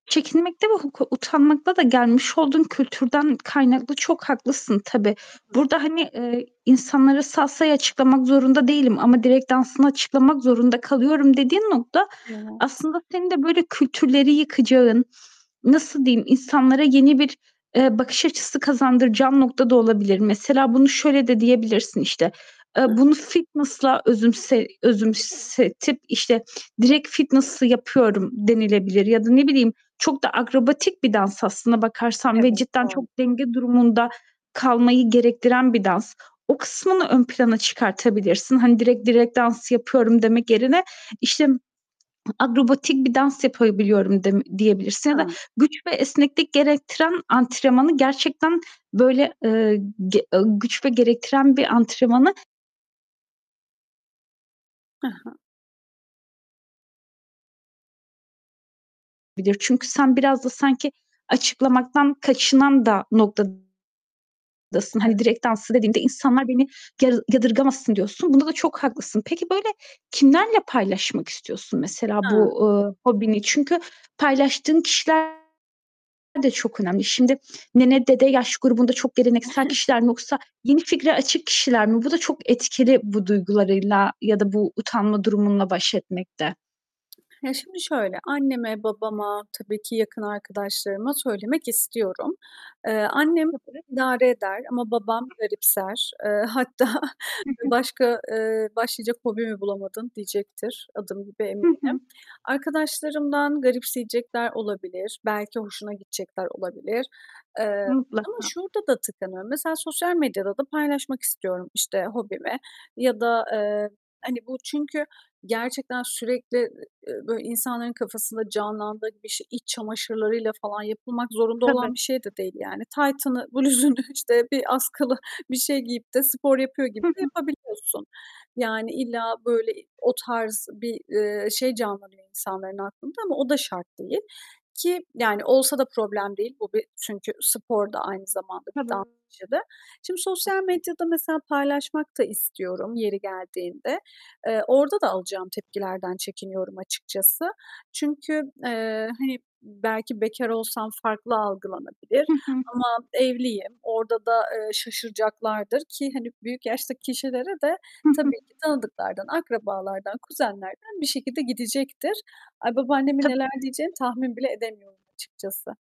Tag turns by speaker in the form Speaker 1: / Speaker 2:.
Speaker 1: Çekinmekte ve huk utanmakta da gelmiş olduğun kültürden kaynaklı çok haklısın tabii.
Speaker 2: I hı.
Speaker 1: Burada, hani, eee, insanlara salsayı açıklamak zorunda değilim ama direk dansını açıklamak zorunda kalıyorum dediğin nokta
Speaker 2: Evet.
Speaker 1: aslında senin de böyle kültürleri yıkacağın, nasıl diyeyim insanlara yeni bir, eee, bakış açısı kazandıracağın nokta da olabilir. Mesela bunu şöyle de diyebilirsin işte. Eee,
Speaker 2: [unintelligible]
Speaker 1: bunu fitness'la özümse özümsetip, işte, direkt fitness yapıyorum denilebilir ya da ne bileyim çok da akrobatik bir dans aslında bakarsan ve
Speaker 2: Evet,
Speaker 1: cidden çok
Speaker 2: doğru.
Speaker 1: denge durumunda kalmayı gerektiren bir dans. O kısmını ön plana çıkartabilirsin. Hani, direkt direk dans yapıyorum demek yerine, işte, akrobatik bir dans yapabiliyorum dem diyebilirsin ya da
Speaker 2: [unintelligible]
Speaker 1: güç ve esneklik gerektiren antrenmanı gerçekten, böyle, eee, g eee, güç ve gerektiren bir antrenmanı
Speaker 2: Hı hı.
Speaker 1: Bir de çünkü sen biraz da sanki açıklamaktan kaçınan da noktadasın. Hani
Speaker 2: Evet.
Speaker 1: direkt danslı dediğimde insanlar beni ya yadırgamasın diyorsun. Bunda da çok haklısın. Peki, böyle, kimlerle paylaşmak istiyorsun mesela
Speaker 2: Hıı.
Speaker 1: bu, eee, hobini? Çünkü paylaştığın kişiler de çok önemli. Şimdi nene, dede yaş grubunda çok geleneksel kişiler mi yoksa yeni fikre açık kişiler mi? Bu da çok etkili bu duygularıyla ya da bu utanma durumunla baş etmekte.
Speaker 2: Ya, şimdi şöyle. Anneme, babama tabii ki yakın arkadaşlarıma söylemek istiyorum. Eee, annem
Speaker 1: [unintelligible]
Speaker 2: idare eder ama babam garipser. Eee, hatta
Speaker 1: Hı hı.
Speaker 2: başka, eee, başlayacak hobi mi bulamadın diyecektir. Adım gibi
Speaker 1: Hı hı.
Speaker 2: eminim. Arkadaşlarımdan garipseyecekler olabilir. Belki hoşuna gidecekler olabilir, eee, ama
Speaker 1: Mutlaka.
Speaker 2: şurada da tıkanıyorum. Mesela sosyal medyada da paylaşmak istiyorum, işte, hobimi ya da, eee, hani, bu çünkü gerçekten sürekli, e e böyle, insanların kafasında canlandığı gibi işte iç çamaşırlarıyla falan yapılmak zorunda olan
Speaker 1: Tabii.
Speaker 2: bir şey de değil yani. Taytını, bluzunu işte bir askılı bir şey giyip de spor yapıyor gibi
Speaker 1: Hı
Speaker 2: de
Speaker 1: hı.
Speaker 2: yapabiliyorsun. Yani, illa, böyle, o tarz bir, eee, şey canlanıyor insanların aklında ama o da şart değil ki, yani, olsa da problem değil. Bu bir çünkü spor da aynı zamanda bir
Speaker 1: Tabii.
Speaker 2: [unintelligible] Şimdi sosyal medyada mesela paylaşmak da istiyorum yeri geldiğinde. Eee, orada da alacağım tepkilerden çekiniyorum açıkçası. Çünkü, eee, hani, belki bekar olsam farklı algılanabilir
Speaker 1: Hı hı.
Speaker 2: ama evliyim. Orada da, eee, şaşıracaklardır ki, hani, büyük yaştaki kişilere de
Speaker 1: Hı hı.
Speaker 2: tabii ki tanıdıklardan, akrabalardan, kuzenlerden bir şekilde gidecektir. Ay, babaannemin
Speaker 1: Tabii.
Speaker 2: neler diyeceğini tahmin bile edemiyorum açıkçası.